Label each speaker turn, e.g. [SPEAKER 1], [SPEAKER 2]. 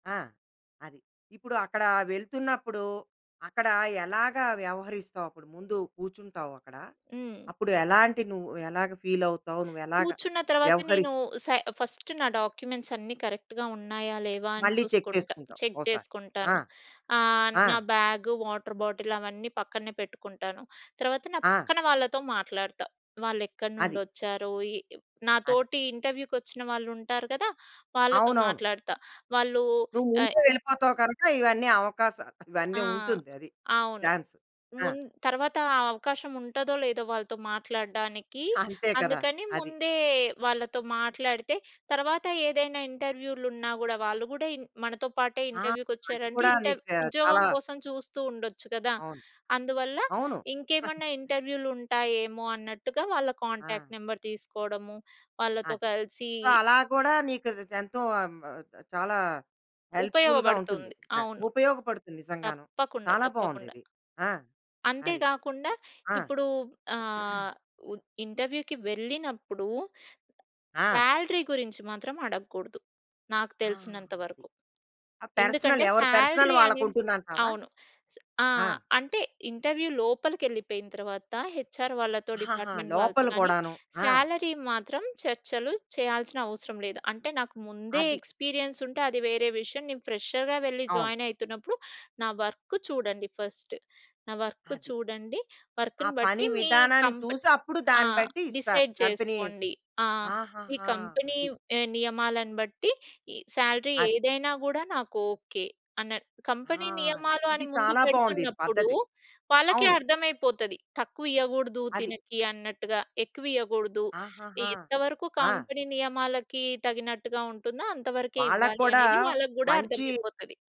[SPEAKER 1] ఆ! అది. ఇప్పుడు అక్కడ వెళ్తున్నప్పుడు అక్కడ ఎలాగా వ్యవహరిస్తావు? అప్పుడు ముందు కూర్చుంటావక్కడ,
[SPEAKER 2] హ్మ్.
[SPEAKER 1] అప్పుడు ఎలాంటి నువ్వు ఎలాగా ఫీలవుతావు? నువ్వు ఎలాగా
[SPEAKER 2] కూర్చున్న తర్వాత నేను
[SPEAKER 1] వ్యవహరిస్
[SPEAKER 2] సె ఫస్ట్ నా డాక్యుమెంట్స్ అన్నీ కరెక్ట్‌గా ఉన్నాయా లేవా అని
[SPEAKER 1] మళ్ళీ చెక్
[SPEAKER 2] చూసుకుంటా.
[SPEAKER 1] చేసుకుంటావు
[SPEAKER 2] చెక్
[SPEAKER 1] ఓ సారి. ఆ!
[SPEAKER 2] చేసుకుంటాను. ఆహ్,
[SPEAKER 1] ఆ!
[SPEAKER 2] నా బ్యాగు, వాటర్ బాటిలు అవన్నీ పక్కనే పెట్టుకుంటాను. తర్వాత నా
[SPEAKER 1] ఆ!
[SPEAKER 2] పక్కన వాళ్ళతో మాట్లాడతా. వాళ్ళెక్కడి
[SPEAKER 1] అది.
[SPEAKER 2] నుండొచ్చారు, ఈ నా
[SPEAKER 1] అది.
[SPEAKER 2] తోటి ఇంటర్వ్యూకొచ్చిన వాళ్ళుంటారు కదా! వాళ్ళతో
[SPEAKER 1] అవునవును.
[SPEAKER 2] మాట్లాడతా. వాళ్ళూ
[SPEAKER 1] నువ్వు
[SPEAKER 2] అయ్
[SPEAKER 1] ముందే వెళ్ళిపోతావు కనక ఇవన్నీ అవకాస ఇవన్నీ
[SPEAKER 2] ఆ!
[SPEAKER 1] ఉంటుంది. అది
[SPEAKER 2] అవును.
[SPEAKER 1] చాన్స్ ఆ!
[SPEAKER 2] ముంద్ తర్వాత ఆ అవకాశం ఉంటదో, లేదో వాళ్ళతో మాట్లాడడానికి,
[SPEAKER 1] అంతే కదా!
[SPEAKER 2] అందుకని
[SPEAKER 1] అది.
[SPEAKER 2] ముందే వాళ్ళతో మాట్లాడితే తర్వాత ఏదైనా ఇంటర్‌వ్యూలున్నా గూడా, వాళ్ళు గూడా ఇన్ మనతో పాటే
[SPEAKER 1] ఆ! అది
[SPEAKER 2] ఇంటర్‌వ్యూకొచ్చారంటే
[SPEAKER 1] కూడా
[SPEAKER 2] ఇంటర్
[SPEAKER 1] నీకు చాలా
[SPEAKER 2] ఉద్యోగం కోసం చూస్తూ ఉండొచ్చు కదా!
[SPEAKER 1] అవును.
[SPEAKER 2] అందువల్ల
[SPEAKER 1] అవును.
[SPEAKER 2] ఇంకేమన్నా ఇంటర్‌వ్యూలుంటాయేమో, అన్నట్టుగా వాళ్ళ
[SPEAKER 1] ఆ!
[SPEAKER 2] కాంటాక్ట్ నెంబర్ తీసుకోడము. వాళ్ళతో
[SPEAKER 1] అది.
[SPEAKER 2] కలిసి
[SPEAKER 1] సో, అలా కూడా నీకది ఎంతో చ చాలా హెల్ప్‌ఫుల్‌గా ఉంటుంది.
[SPEAKER 2] ఉపయోగబడుతుంది.
[SPEAKER 1] [unintelligible]
[SPEAKER 2] అవును
[SPEAKER 1] ఉపయోగపడుతుంది నిజంగాను.
[SPEAKER 2] తప్పకుండా,
[SPEAKER 1] చాలా బావుంది
[SPEAKER 2] తప్పకుండా.
[SPEAKER 1] ఇది. ఆ! అది.
[SPEAKER 2] అంతేగాకుండా
[SPEAKER 1] సు ఆ!
[SPEAKER 2] ఇప్పుడు ఆహ్, ఉ ఇంటర్‌వ్యూకి వెళ్ళినప్పుడు.
[SPEAKER 1] ఆ!
[SPEAKER 2] సాలరీ గురించి మాత్రం అడగకూడదు. నాకు
[SPEAKER 1] ఆ!
[SPEAKER 2] తెలిసినంత
[SPEAKER 1] అది.
[SPEAKER 2] వరకు.
[SPEAKER 1] పర్సనల్
[SPEAKER 2] ఎందుకంటే
[SPEAKER 1] ఎవరి పర్సనల్
[SPEAKER 2] సాలరీ అనేది
[SPEAKER 1] వాళ్ళకుంటుందంటావా?
[SPEAKER 2] అవును. స్ ఆ!
[SPEAKER 1] ఆ!
[SPEAKER 2] అంటే ఇంటర్‌వ్యూ లోపలికెళ్ళిపోయిన తర్వాత, హెచ్‌ఆర్ వాళ్ళతో,
[SPEAKER 1] ఆహాహా!
[SPEAKER 2] డిపార్ట్‌మెంట్ వాళ్ళతో
[SPEAKER 1] లోపల
[SPEAKER 2] కానీ,
[SPEAKER 1] కూడాను. ఆ!
[SPEAKER 2] సాలరీ మాత్రం చర్చలు చేయాల్సిన అవసరం లేదు. అంటే నాకు ముందే
[SPEAKER 1] అది.
[SPEAKER 2] ఎక్స్‌పీరియన్సుంటే అది వేరే విషయం. నేను ఫ్రెషర్‌గా వెళ్ళి
[SPEAKER 1] అవును.
[SPEAKER 2] జాయిన్ అయితున్నప్పుడు, నా వర్క్ చూడండి ఫస్ట్. నా వర్క్
[SPEAKER 1] అది.
[SPEAKER 2] చూడండి.
[SPEAKER 1] ఆ
[SPEAKER 2] వర్క్‌ని
[SPEAKER 1] పని
[SPEAKER 2] బట్టి మీ
[SPEAKER 1] విధానాన్ని
[SPEAKER 2] కంపెనీ
[SPEAKER 1] చూసి అప్పుడు
[SPEAKER 2] ఆ!
[SPEAKER 1] దాన్ని బట్టి ఇస్తారు.
[SPEAKER 2] డిసైడ్
[SPEAKER 1] కంపెనీ
[SPEAKER 2] చేసుకోండి. ఆహ్, ఈ
[SPEAKER 1] ఆహాహా!
[SPEAKER 2] కంపెనీ
[SPEAKER 1] అది.
[SPEAKER 2] నియమాలను బట్టి, ఈ సాలరీ
[SPEAKER 1] అది.
[SPEAKER 2] ఏదైనా గూడా నాకు ఓకే అన్న.
[SPEAKER 1] ఆ!
[SPEAKER 2] కంపెనీ
[SPEAKER 1] అది.
[SPEAKER 2] నియమాలు
[SPEAKER 1] ఇది
[SPEAKER 2] అని ముందు
[SPEAKER 1] చాలా బావుంది ఇది
[SPEAKER 2] పెడుతున్నప్పుడు.
[SPEAKER 1] పద్ధతి.
[SPEAKER 2] వాళ్ళకె
[SPEAKER 1] అవును.
[SPEAKER 2] అర్థమైపోతది. తక్కువ ఇయ్యగూడదు
[SPEAKER 1] అది.
[SPEAKER 2] తినకి అన్నట్టుగా ఎక్కువ ఇయ్యగూడదు. ఈ
[SPEAKER 1] ఆహాహా!
[SPEAKER 2] ఎంతవరకు
[SPEAKER 1] ఆ!
[SPEAKER 2] కంపెనీ నియమాలకి తగినట్టుగా ఉంటుందో అంతవరకే
[SPEAKER 1] వాళ్ళకి
[SPEAKER 2] ఇవ్వాలి
[SPEAKER 1] కూడా
[SPEAKER 2] అనేది వాళ్ళకి గూడా
[SPEAKER 1] మంచి
[SPEAKER 2] అర్థమైపోతది.